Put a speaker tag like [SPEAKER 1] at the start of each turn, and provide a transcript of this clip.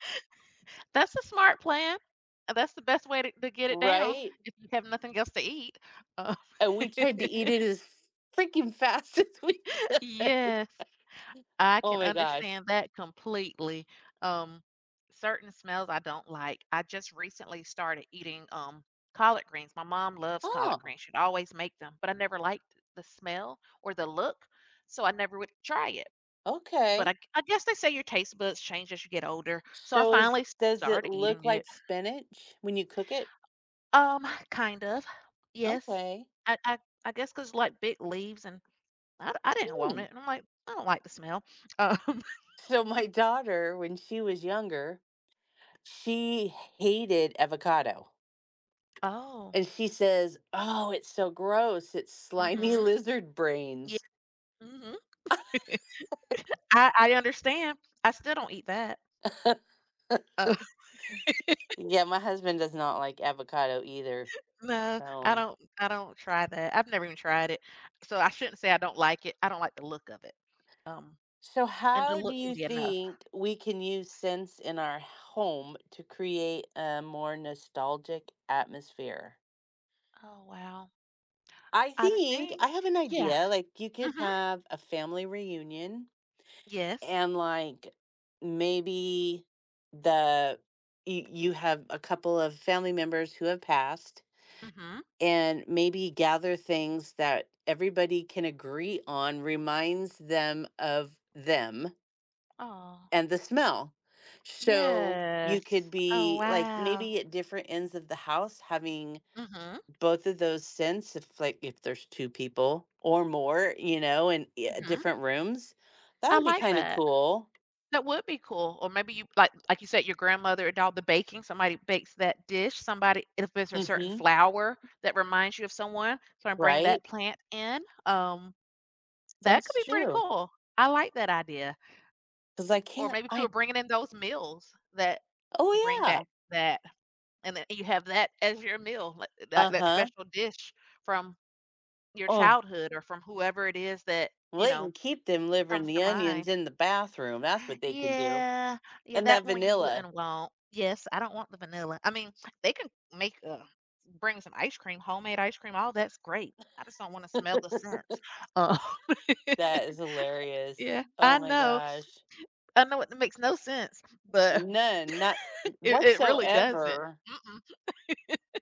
[SPEAKER 1] That's a smart plan. Uh, that's the best way to to get it down,
[SPEAKER 2] Right?
[SPEAKER 1] if you have nothing else to eat. Oh.
[SPEAKER 2] And we tried to eat it as freaking fast as we could.
[SPEAKER 1] Yes, I
[SPEAKER 2] Oh
[SPEAKER 1] can
[SPEAKER 2] my gosh.
[SPEAKER 1] understand that completely. Um, certain smells I don't like. I just recently started eating, um, collard greens. My mom loves collard
[SPEAKER 2] Oh.
[SPEAKER 1] greens. She'd always make them, but I never liked the smell or the look, so I never would, eh, try it. But
[SPEAKER 2] Okay.
[SPEAKER 1] I g I guess they say your taste buds change as you get older, so I
[SPEAKER 2] So is
[SPEAKER 1] finally
[SPEAKER 2] does it
[SPEAKER 1] started eating
[SPEAKER 2] look
[SPEAKER 1] it.
[SPEAKER 2] like spinach when you cook it?
[SPEAKER 1] Um, kind of, yes.
[SPEAKER 2] Okay.
[SPEAKER 1] I I I guess 'cause, like, big leaves and I I didn't want
[SPEAKER 2] Mm.
[SPEAKER 1] it and I'm like, "I don't like the smell." Um.
[SPEAKER 2] So my daughter, when she was younger, she hated avocado.
[SPEAKER 1] Oh.
[SPEAKER 2] And she says, "Oh, it's so gross. It's slimy
[SPEAKER 1] Mhm.
[SPEAKER 2] lizard
[SPEAKER 1] Yeah,
[SPEAKER 2] brains."
[SPEAKER 1] mhm. I I understand. I still don't eat that. Uh
[SPEAKER 2] Yeah, my husband does not like avocado either.
[SPEAKER 1] No, I
[SPEAKER 2] So
[SPEAKER 1] don't I don't try that. I've never even tried it, so I shouldn't say I don't like it. I don't like the look of it. Um,
[SPEAKER 2] So
[SPEAKER 1] and the
[SPEAKER 2] how do
[SPEAKER 1] look can
[SPEAKER 2] you
[SPEAKER 1] be enough.
[SPEAKER 2] think we can use scents in our home to create a more nostalgic atmosphere?
[SPEAKER 1] Oh, wow.
[SPEAKER 2] I
[SPEAKER 1] I
[SPEAKER 2] think
[SPEAKER 1] think
[SPEAKER 2] I have an
[SPEAKER 1] Yeah.
[SPEAKER 2] idea, like, you could
[SPEAKER 1] Mhm.
[SPEAKER 2] have a family reunion,
[SPEAKER 1] Yes.
[SPEAKER 2] and, like, maybe the you you have a couple of family members who have passed,
[SPEAKER 1] Mhm.
[SPEAKER 2] and maybe gather things that everybody can agree on reminds them of them.
[SPEAKER 1] Aw.
[SPEAKER 2] And the smell. So, you could
[SPEAKER 1] Yes. Oh,
[SPEAKER 2] be like
[SPEAKER 1] wow.
[SPEAKER 2] maybe at different ends of the house, having
[SPEAKER 1] Mhm.
[SPEAKER 2] both of those scents, if like, if there's 2 people or more, you know, in ye
[SPEAKER 1] Mhm.
[SPEAKER 2] different rooms. That
[SPEAKER 1] I
[SPEAKER 2] would be
[SPEAKER 1] like
[SPEAKER 2] kinda
[SPEAKER 1] that.
[SPEAKER 2] cool.
[SPEAKER 1] That would be cool. Or maybe you, like like, you said, your grandmother and all the baking, somebody bakes that dish, somebody if there's a certain
[SPEAKER 2] Mhm.
[SPEAKER 1] flower that reminds you of someone, so I bring
[SPEAKER 2] Right?
[SPEAKER 1] that plant in, um That could
[SPEAKER 2] That's
[SPEAKER 1] be pretty
[SPEAKER 2] true.
[SPEAKER 1] cool. I like that idea.
[SPEAKER 2] 'Cause I
[SPEAKER 1] Or
[SPEAKER 2] can't,
[SPEAKER 1] maybe if you were
[SPEAKER 2] I
[SPEAKER 1] bringing in those meals that
[SPEAKER 2] Oh,
[SPEAKER 1] bring back
[SPEAKER 2] yeah.
[SPEAKER 1] that and then you have that as your meal li eh, that that
[SPEAKER 2] Uh-huh.
[SPEAKER 1] special dish from your
[SPEAKER 2] Oh.
[SPEAKER 1] childhood or from whoever it is that,
[SPEAKER 2] Well,
[SPEAKER 1] you
[SPEAKER 2] they
[SPEAKER 1] know,
[SPEAKER 2] can keep them delivering
[SPEAKER 1] comes
[SPEAKER 2] the
[SPEAKER 1] to
[SPEAKER 2] onions
[SPEAKER 1] mind.
[SPEAKER 2] in the bathroom, that's what they can do,
[SPEAKER 1] Yeah, yeah,
[SPEAKER 2] and that
[SPEAKER 1] that one you
[SPEAKER 2] vanilla.
[SPEAKER 1] wouldn't want. Yes, I don't want the vanilla. I mean, they can make, uh, bring some ice cream, homemade ice cream, all that's great. I just don't wanna smell the scent. Oh.
[SPEAKER 2] That is hilarious.
[SPEAKER 1] Yeah, I
[SPEAKER 2] Oh my
[SPEAKER 1] know.
[SPEAKER 2] gosh.
[SPEAKER 1] I know it makes no sense, but
[SPEAKER 2] None, not n n
[SPEAKER 1] It it really doesn't.
[SPEAKER 2] whatsoever.
[SPEAKER 1] Mm, mm.